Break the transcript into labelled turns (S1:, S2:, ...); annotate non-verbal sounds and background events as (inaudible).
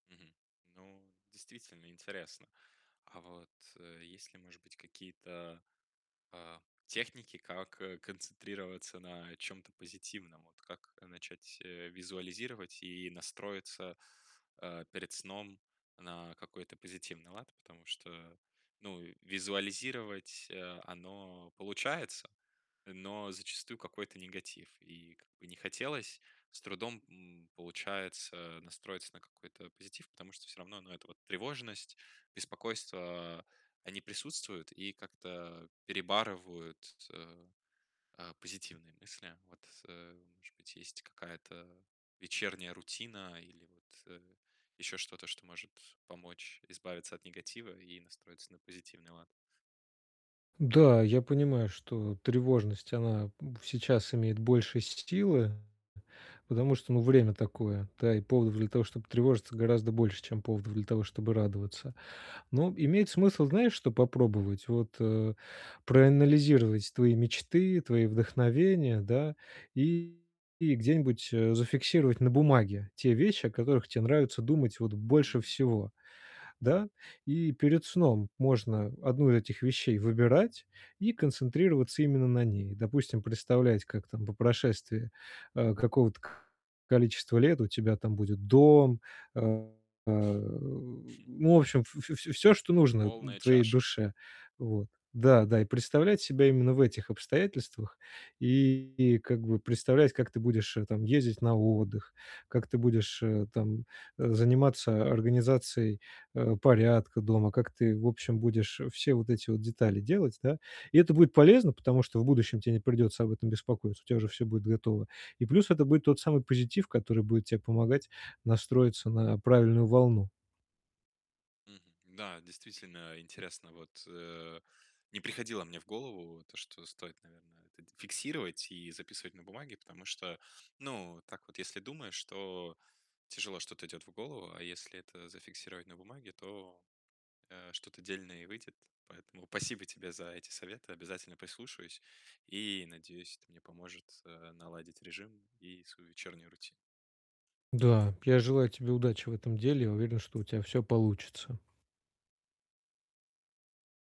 S1: Мгм. Ну, действительно интересно. А вот, есть ли, может быть, какие-то, а, техники, как, э, концентрироваться на чём-то позитивном? Вот как начать, э, визуализировать и настроиться, а, перед сном на какой-то позитивный лад, потому что, ну, визуализировать, э, оно получается, но зачастую какой-то негатив и как бы не хотелось. С трудом, м, получается настроиться на какой-то позитив, потому что всё равно, ну, эта вот тревожность, беспокойство они присутствуют и как-то перебарывают т т э, а, позитивные мысли. Вот, э, может быть, есть какая-то вечерняя рутина или вот, э, ещё что-то, что может помочь избавиться от негатива и настроиться на позитивный лад?
S2: Да, я понимаю, что тревожность она в сейчас имеет больше силы, потому что, ну, время такое, да. И поводов для того, чтобы тревожиться гораздо больше, чем поводов для того, чтобы радоваться. Но имеет смысл, знаешь, что попробовать? Вот, э, проанализировать твои мечты, твои вдохновения, да, и где-нибудь, э, зафиксировать на бумаге те вещи, о которых те нравится думать, вот, больше
S1: Мгм.
S2: всего. Да? И перед сном можно 1 из этих вещей выбирать и концентрироваться именно на ней. Допустим, представлять, как там по прошествии, а, какого-то количества лет у тебя там будет дом, а а,
S1: (chuckles)
S2: ну, в общем, в в в всё, что нужно
S1: Полная
S2: твоей
S1: чаша.
S2: душе. Вот, да-да, и представлять себя именно в этих обстоятельствах и как бы представлять, как ты будешь, э, там ездить на отдых, как ты будешь, э, там заниматься организацией, э, порядка дома, как ты в общем будешь все вот эти вот детали делать, да? И это будет полезно, потому что в будущем тебе не придется об этом беспокоиться, у тебя уже все будет готово. И плюс это будет тот самый позитив, который будет тебе помогать настроиться на правильную волну.
S1: Мгм. Да, действительно интересно. Вот, э, не приходило мне в голову то, что стоит, наверное, это фиксировать и записывать на бумаге, потому что, ну, так вот если думаешь, то тяжело что-то идёт в голову, а если это зафиксировать на бумаге, то, э, что-то дельное и выйдет. Поэтому спасибо тебе за эти советы. Обязательно послушаюсь и, надеюсь, это мне поможет, э, наладить режим и свою вечерней рути
S2: Да, я желаю тебе удачи в этом деле. Я уверен, что у тебя всё получится.